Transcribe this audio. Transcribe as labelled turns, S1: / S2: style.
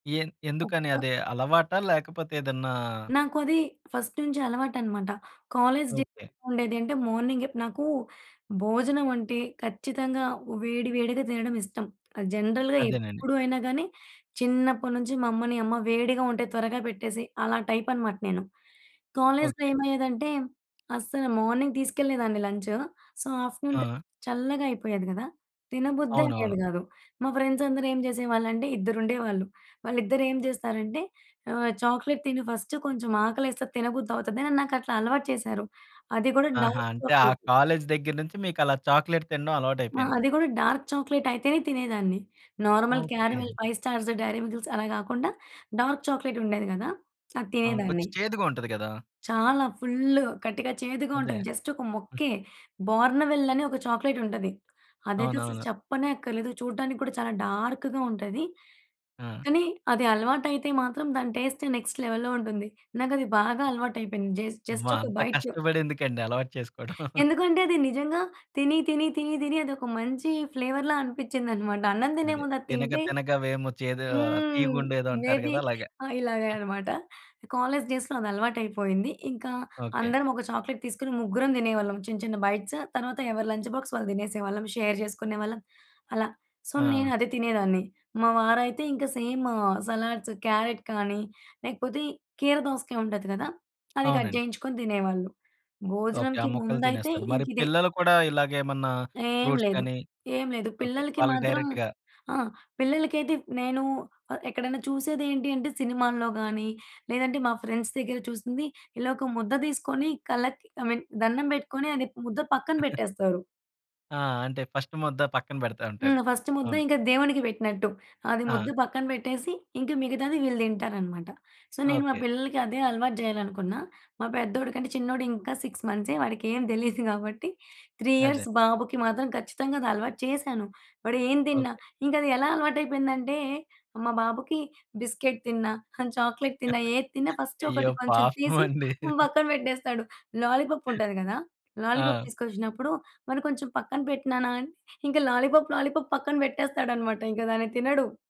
S1: ఎన్ ఎందుకని
S2: ఒక్క
S1: అది అలవాటా? లేకపోతే ఏదన్నా?
S2: నాకు అది ఫస్ట్ నుంచి అలవాటనమాట. కాలేజ్ డేస్‌లో
S1: ఓకే.
S2: ఎలా ఉండేది అంటే మార్నింగే నాకూ భోజనం అంటే ఖచ్చితంగా వేడి వేడిగా తినడం ఇష్టం. అది జనరల్‌గా
S1: అదేనండి.
S2: ఎప్పుడు అయినా గానీ, చిన్నప్పడి నుంచి మా అమ్మని, అమ్మ వేడిగా ఉంటే త్వరగా పెట్టేసెయి. అలా టైప్ అనమాట నేను. కాలేజ్‌లో
S1: ఓకే.
S2: ఏమయ్యేదంటే అస్సల మార్నింగ్ తీసుకెళ్ళేదాన్ని లంచు, సో, ఆఫ్టర్‌నూన్‌కది
S1: ఆ!
S2: చల్లగా అయిపోయేది గదా! తినబుద్దే
S1: అవునవును.
S2: అయ్యేది గాదు. మా ఫ్రెండ్స్ అందరు ఏం చేసేవాళ్ళంటే ఇద్దరుండేవాళ్ళు. వాళ్ళిద్దరేం జేస్తారంటే ఆహ్, "చాక్లెట్ తిను ఫస్టు కొంచెం ఆకలేస్తే అది తినబుద్ది అవుతది" అని నాకట్లా అలవాటు చేసారు. అది గూడా
S1: ఆహా!
S2: డార్క్
S1: అంటే ఆ
S2: చాక్లెట్.
S1: కాలేజ్ దగ్గర నుంచి మీకలా చాక్లేట్ తినడం
S2: ఆ!
S1: అలవాటయిపోయింది.
S2: అది గూడా డార్క్ చాక్లెట్ అయితేనే తినేదాన్ని. Normal
S1: okay.
S2: Caramel, five stars, dairy మిల్‌కిల్స్ అలా గాకుండా డార్క్ చాక్లేట్ ఉండేది గదా! అది
S1: అవును.
S2: తినేదాన్ని.
S1: కొచ్చెం చేదుగా ఉంటది కదా!
S2: చాలా ఫుల్లు ఖటిక, చేదుగా
S1: అదే!
S2: ఉంటది. జస్ట్ ఒక ముక్కే, బార్న్‌వెల్ అని ఒక చాక్లెటుంటది. అదైతే అసలు
S1: అవునవును.
S2: చెప్పనే అక్కర్లేదు. చూడడానికి కూడా చాలా డార్క్‌గా ఉంటది.
S1: ఆ!
S2: కానీ అది అలవాటయితే మాత్రం దాని టేస్ట్ నెక్స్ట్ లెవెల్‌లో ఉంటుంది. నాకది బాగా అలవాటైపోయింది. జేస్
S1: అమ్మో!
S2: జస్ట్ ఒక
S1: అంత
S2: బైటు
S1: కష్టపడి ఎందుకండి అలవాటు చేసుకోడం.
S2: ఎందుకంటే అది నిజంగా తిని, తిని, తిని, తిని అదొక మంచి ఫ్లేవర్‌లా అనిపిచ్చిందనమాట. అన్నం తినే
S1: అదే!
S2: ముందు అది
S1: తినగ
S2: తింటే
S1: తినగ వేము చేదు
S2: హ్మ్.
S1: తీయగుండేదో అంటారు
S2: మేబీ
S1: గదా! అలాగ.
S2: ఆ! ఇలాగే అనమాట. కాలేజ్ డేస్‌లో అది అలవాటయిపోయింది. ఇంకా
S1: ఓకే.
S2: అందరం ఒక చాక్లెట్ తీసుకొని ముగ్గురం దినేవాళ్ళం. చిన్న చిన్న బైట్స్. తర్వాత ఎవరి లంచ్ బాక్స్ వాళ్ళు దినేసేవాళ్ళం, షేర్ జేసుకునేవాళ్ళం అలా. సో, నేను
S1: ఆ!
S2: అదే తినేదాన్ని. మా వారైతే ఇంక సేమ్ సలాడ్స్, క్యారెట్ కానీ లేకపోతే కీర దోసకాయ ఉంటది కదా! అది కట్
S1: అవునండి.
S2: జేయించుకొని తినేవాళ్ళు.
S1: ఓకే. ఆ
S2: భోజనానికి
S1: ముక్కలు
S2: ముందయితే
S1: తినేస్తారు. మరి
S2: ఇంకిదే.
S1: పిల్లలు కూడా ఇలాగేమన్నా
S2: ఏం
S1: ఫ్రూట్స్
S2: లేదు,
S1: గాని
S2: ఏం లేదు.
S1: ఓకే.
S2: పిల్లలకి
S1: వాళ్ళకి
S2: మాత్రం
S1: డైరెక్ట్‌గా
S2: ఆ! పిల్లలకైతే ప్ నేనూ ఆహ్, ఎక్కడైనా చూసేది ఏంటి అంటే సినిమాల్లో గాని, లేదంటే మా ఫ్రెండ్స్ దగ్గర చూసింది. ఇలా ఒక ముద్ద తీసుకొని కళ్ళకి, ఐ మీన్ దన్నం బెట్టుకొని, అది ప్ ముద్ద పక్కన బెట్టేస్తారు.
S1: ఆ! అంటే ఫస్టు ముద్ద పక్కన పెడతా ఉంటారు.
S2: హ్మ్. ఫస్ట్ ముద్ద
S1: అవును.
S2: ఇంక దేవునికి పెట్టినట్టు. అది ముద్ద
S1: ఆ!
S2: పక్కన పెట్టేసి, ఇంక మిగతాది వీళ్ళు దింటారనమాట. సో, నేను మా
S1: ఓకే.
S2: పిల్లలకి అదే అలవాటు జేయాలనుకున్న. మా పెద్దోడి కంటే చిన్నోడు, ఇంకా 6 మంత్సే, వాడికేమి దెలీదు కాబట్టి, 3
S1: అదే!
S2: ఇయర్స్ బాబుకి మాత్రం ఖచ్చితంగా అది అలవాటు చేశాను. వాడేం తిన్నా,
S1: ఓకే.
S2: ఇంకది ఎలా అలవాటైపోయిందంటే, మా బాబుకి బిస్కెట్ తిన్నా, చాక్లేట్ తిన్నా, ఏది తిన్న ఫస్ట్
S1: అయ్యో!
S2: ఒకటి కొంచెం
S1: పాపం
S2: తీసి
S1: అండి.
S2: పక్కన పెట్టేస్తాడు. లాలీపప్పు ఉంటది గదా! లాలీపాప్
S1: ఆ!
S2: తీసుకొచ్చినప్పుడు, మరి కొంచెం పక్కన పెట్టు నాన అని ఇంక లాలీపాప్, లాలీపాప్ పక్కన పెట్టేస్తాడన్నమాట. ఇంక దాన్ని తినడు.